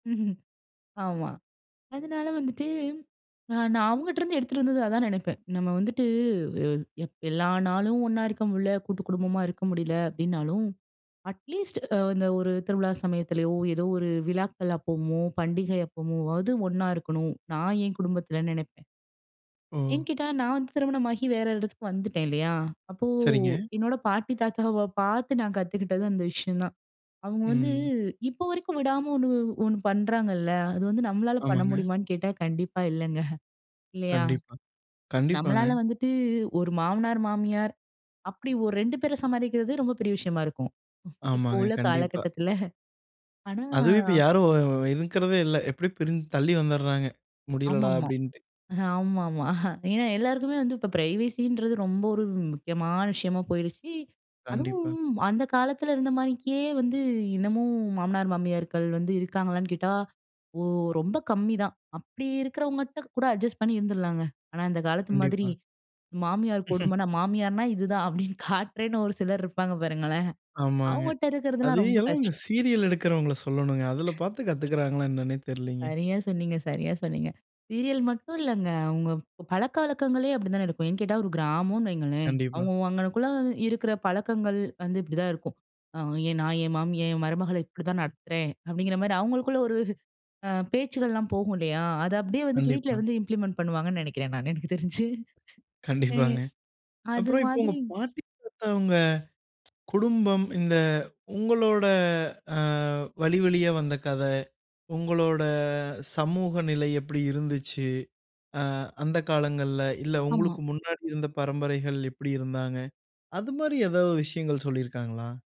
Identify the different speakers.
Speaker 1: ம்ஹ்ம். ஆமா. அதனால வந்துட்டு அ நான் அவங்கட்டிருந்து எடுத்துட்டு வந்தது அதான் நினைப்பேன். நம்ம வந்துட்டு எ எப் எல்லா நாளும் ஒண்ணா இருக்க முடில. கூட்டுக்குடும்பமா இருக்க முடில. அப்படினாலும், அட்லீஸ்ட் அ அந்த ஒரு திருவிழா சமயத்திலயோ, ஏதோ ஒரு விழாக்கள் அப்பமோ, பண்டிகை அப்பமோவது ஒண்ணா இருக்கணும், நான் என் குடும்பத்துலன்னு நெனப்பேன்.
Speaker 2: ஓ!
Speaker 1: எங்கிட்ட நான் வந்து திருமணமாகி வேற இடத்துக்கு வந்துட்டேன், இல்லையா, அப்போ
Speaker 2: சரிங்க.
Speaker 1: என்னோட பாட்டி, தாத்தாவ பார்த்து நான் கத்துக்கிட்டது அந்த விஷயம் தான். அவங்க வந்து
Speaker 2: ம்.
Speaker 1: இப்போ வரைக்கும் விடாம ஒண்ணு வ் ஒண்ணு பண்றாங்கள்ல. அது வந்து நம்மளால பண்ண
Speaker 2: ஆமாங்க.
Speaker 1: முடியுமான்னு கேட்டா, கண்டிப்பா இல்லைங்க. இல்லையா?
Speaker 2: கண்டிப்பா, கண்டிப்பாங்க.
Speaker 1: நம்மளால வந்துட்டு ஒரு மாமனார், மாமியார் அப்படி ஒரு 2 பேர சமாளிக்கிறதே ரொம்ப பெரிய விஷயமா இருக்கும். இப்போ
Speaker 2: ஆமாங்க.
Speaker 1: உள்ள
Speaker 2: கண்டிப்பா.
Speaker 1: காலகட்டத்தில. ஆனா
Speaker 2: அதுவும் இப்ப யாரும் வு வு இருக்கிறதே இல்ல. எப்படியும் பிரிஞ் தள்ளி வந்தறாங்க. "முடியலடா!"
Speaker 1: ஆமாமா
Speaker 2: அப்படின்ட்டு.
Speaker 1: ஆமாமா. ஏனா, எல்லாருக்குமே வந்து இப்போ பிரைவசின்றது ரொம்ப ஒரு வ் முக்கியமான விஷயமா போயிருச்சு.
Speaker 2: கண்டிப்பா.
Speaker 1: அதுவும் அந்த காலத்தில இருந்தமானிக்கே வந்து இன்னமும் மாமனார், மாமியார்கள் வந்து இருக்காங்களான்னு கேட்டா, ஓ ரொம்ப கம்மிதான். அப்படி இருக்கிறவங்ககிட்ட கூட அட்ஜஸ்ட் பண்ணி இருந்துருலாங்க. ஆனா, இந்த காலத்து மாதிரி
Speaker 2: கண்டிப்பா.
Speaker 1: மாமியார் கொடுமனா, "மாமியார்னா இதுதான்." அப்படீன்னு காட்டுறேன்னு ஒரு சிலர் இருப்பாங்க பாருங்களேன்.
Speaker 2: ஆமாங்க.
Speaker 1: அவங்கட்ட
Speaker 2: அது
Speaker 1: இருக்கிறதுலாம் ரொம்ப
Speaker 2: எல்லாம்
Speaker 1: கஷ்
Speaker 2: இந்த சீரியல் எடுக்கிறவங்கள சொல்லணும்ங்க. அதில பார்த்து கத்துக்கிறாங்களா என்னனன்னே தெரிலிங்க.
Speaker 1: சரியா சொன்னீங்க சரியா சொன்னீங்க. சீரியல் மட்டும் இல்லங்க. அவங்க ப பழக்கவழக்கங்களே அப்படி தான இருக்கும். ஏன்னு கேட்டா, ஒரு கிராமனு வைங்களேன்.
Speaker 2: கண்டிப்பா.
Speaker 1: அவங்க அங்கனக்குள்ள இருக்கிற பழக்கங்கள் வந்து இப்படிதான் இருக்கும். அ "என் நான் என் மாமிய என் மருமகள இப்படிதான் நடத்துறேன்." அப்படிங்கிற மாரி அவங்களுக்குள்ள அ ஒரு பேச்சுக்கள்லாம் போகும், இல்லையா? அத அப்படியே வந்துட்டு, வீட்ல
Speaker 2: கண்டிப்பா.
Speaker 1: வந்து இம்ப்ளிமெண்ட் பண்ணுவாங்கன்னு நெனைக்கிறேன், நான். எனக்கு தெரிஞ்சு ஆ.
Speaker 2: கண்டிப்பாங்க.
Speaker 1: அது
Speaker 2: அப்புறம் இப்போ உங்க
Speaker 1: மாதிரி
Speaker 2: பாட்டி, தாத்தா அவங்க குடும்பம் இந்த உங்களோட அ வழிவழியா வந்த கத, உங்களோட சமூக நிலை எப்பிடி இருந்துச்சு, அ அந்த காலங்கள்ல. இல்ல
Speaker 1: ஆமா.
Speaker 2: உங்களுக்கு முன்னாடி இருந்த பரம்பரைகள் எப்படி இருந்தாங்க, அது மாரி ஏதாவது விஷயங்கள் சொல்லியிருக்காங்களா?